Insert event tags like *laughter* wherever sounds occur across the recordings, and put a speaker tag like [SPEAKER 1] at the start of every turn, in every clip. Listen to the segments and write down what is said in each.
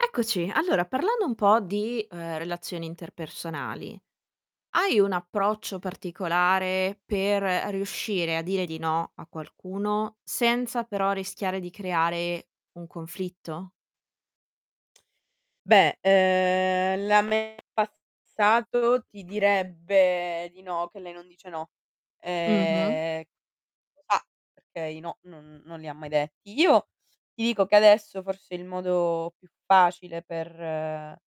[SPEAKER 1] Eccoci, allora parlando un po' di, ehm, relazioni interpersonali, hai un approccio particolare per riuscire a dire di no a qualcuno, senza però rischiare di creare un conflitto?
[SPEAKER 2] Beh, uhm, la me del passato ti direbbe di no, che lei non dice no,
[SPEAKER 1] Mh-mh.
[SPEAKER 2] ehm, lo fa perché i no non non li ha mai detti. Io ti dico che, adesso, forse il modo più facile per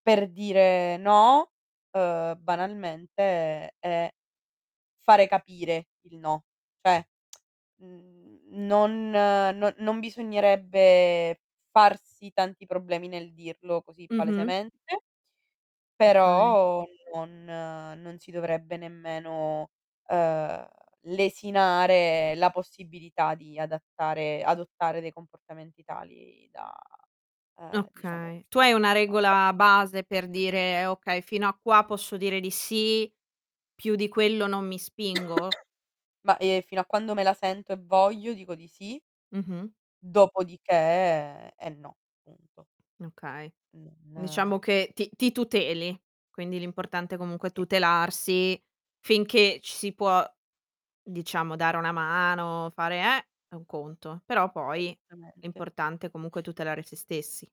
[SPEAKER 2] per dire no, uhm, banalmente è fare capire il no, cioè *smacks lips* mhmm n non non bisognerebbe farsi tanti problemi nel dirlo così
[SPEAKER 1] Mh-mh.
[SPEAKER 2] palesemente,
[SPEAKER 1] Okay.
[SPEAKER 2] però non non si dovrebbe nemmeno, uhm, lesinare la possibilità di adattare adottare dei comportamenti tali da, ehm, diciamo
[SPEAKER 1] Okay, tu hai una
[SPEAKER 2] *unintelligible*
[SPEAKER 1] regola base per dire: "Okay fino a qua posso dire di sì, più di quello non mi spingo?"
[SPEAKER 2] Ma, ehm, fino a quando me la sento e voglio dico di sì
[SPEAKER 1] Mh-mh.
[SPEAKER 2] dopodiché è no, punto.
[SPEAKER 1] Okay.
[SPEAKER 2] Mh, nah.
[SPEAKER 1] Diciamo che ti ti tuteli, quindi l'importante comunque è
[SPEAKER 2] Sì.
[SPEAKER 1] tutelarsi, finché ci si può diciamo dare una mano, fare, eh, è, un conto, però poi è
[SPEAKER 2] Esattamente.
[SPEAKER 1] importante comunque tutelare se stessi.